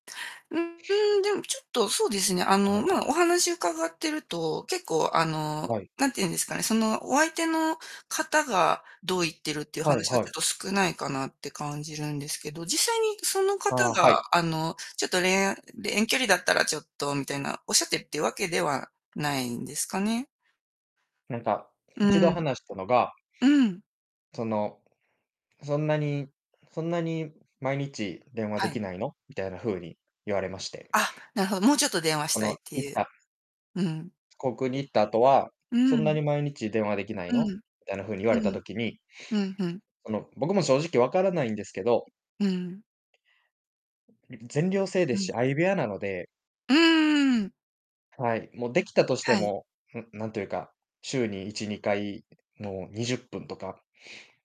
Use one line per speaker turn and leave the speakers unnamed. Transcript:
う、うーん、でも、ちょっとそうですね、あの、
はい。
まあ、お話伺ってると、結構、あの、
はい。
なんてゆうんですかね、その、お相手の方がどう言ってるっていう
はい
話が
は
ち
い。
ょっと少ないかなって感じるんですけど、実際にその
あ
方
あ、は
が、
い。
あの、ちょっと、恋愛で、遠距離だったらちょっとみたいな、おっしゃってっていうわけではないんですかね？
なんか、
う
1度
ん。
話したのが
うん。
その、「そんなにそんなに、毎日電話
は
でき
い。
ないの？」みたいな風に言われまして。
あ、なるほど。もうちょっと電話し
こ
た
の、
いって
い
ゆう。
は
うん。
航空に行った後は、
う
「そ
ー
んなに
ん。
毎日電話できない
う
の？」
ん。
みたいな風に言われた
うん。
時に、
うん、ふん。
あの、僕も正直分からないんですけど
うん。
い全寮制
う
です
ん。
し、相部屋なので
うーん。
はい。も、できたとして
はい。
も、ふなんていうか、週に1、2回の、20分とか